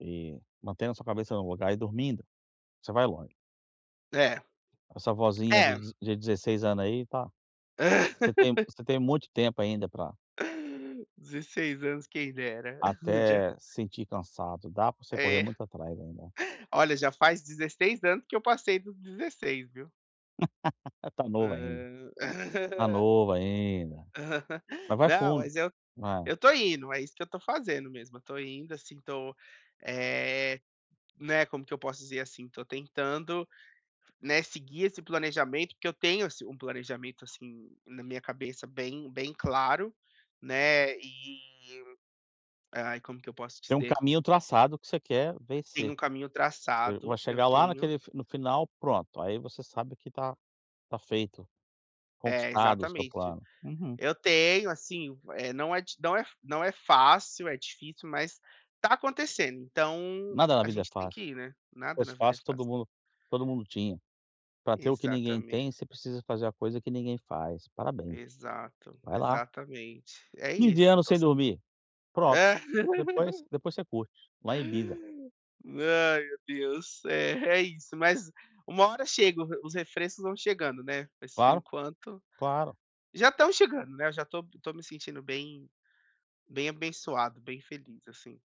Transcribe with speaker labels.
Speaker 1: E mantendo a sua cabeça no lugar e dormindo, você vai longe.
Speaker 2: É.
Speaker 1: Essa vozinha
Speaker 2: É.
Speaker 1: de de 16 anos aí tá você tem você tem muito tempo ainda pra
Speaker 2: 16 anos, quem dera. [unintelligible]
Speaker 1: até sentir cansado. Dá para você correr
Speaker 2: É.
Speaker 1: muito atrás ainda.
Speaker 2: Olha, já faz 16 anos que eu passei dos 16, viu.
Speaker 1: Tá novo ainda.
Speaker 2: Hã.
Speaker 1: Tá novo ainda. Mas, vai
Speaker 2: Não,
Speaker 1: fundo,
Speaker 2: mas eu
Speaker 1: vai.
Speaker 2: eu tô indo, é isso que eu tô fazendo mesmo. Eu tô indo, assim, tô, eh, né como que eu posso dizer, assim, tô tentando, né, seguir esse planejamento, porque eu tenho ass um planejamento, assim, na minha cabeça bem bem claro, né, e aí, como que eu posso
Speaker 1: Tem um
Speaker 2: dizer?
Speaker 1: caminho traçado que você quer
Speaker 2: Tem
Speaker 1: vencer.
Speaker 2: um caminho
Speaker 1: Você vai
Speaker 2: traçado, eu
Speaker 1: chegar lá
Speaker 2: tenho
Speaker 1: naquele f no final, pronto. Aí você sabe que tá tá feito,
Speaker 2: É,
Speaker 1: conquistado o seu
Speaker 2: exatamente.
Speaker 1: plano, uhum.
Speaker 2: Eu tenho, assim, v eh, não é d não é não é fácil, é difícil, mas, tá acontecendo, então,
Speaker 1: Nada na
Speaker 2: a
Speaker 1: vida é
Speaker 2: gente tem que
Speaker 1: fácil.
Speaker 2: ir, né.
Speaker 1: Se
Speaker 2: Nada na
Speaker 1: fosse
Speaker 2: vida é
Speaker 1: fácil,
Speaker 2: fácil.
Speaker 1: todo mundo todo mundo tinha. Pra ter o que ninguém
Speaker 2: Exatamente.
Speaker 1: tem, você precisa fazer a coisa que ninguém faz. Parabéns.
Speaker 2: Exato.
Speaker 1: Vai lá.
Speaker 2: Exatamente. É
Speaker 1: Fim de
Speaker 2: isso
Speaker 1: ano
Speaker 2: tô
Speaker 1: sem
Speaker 2: s
Speaker 1: dormir. Pronto. Depois depois você curte, lá em Ibiza.
Speaker 2: Ai, meu Deus. É, é isso, mas uma hora chega. Os os refrescos vão chegando, né. Mas, por
Speaker 1: Claro.
Speaker 2: enquanto
Speaker 1: Claro.
Speaker 2: já estão chegando, né, eu já tô tô me sentindo bem bem abençoado, bem feliz, assim.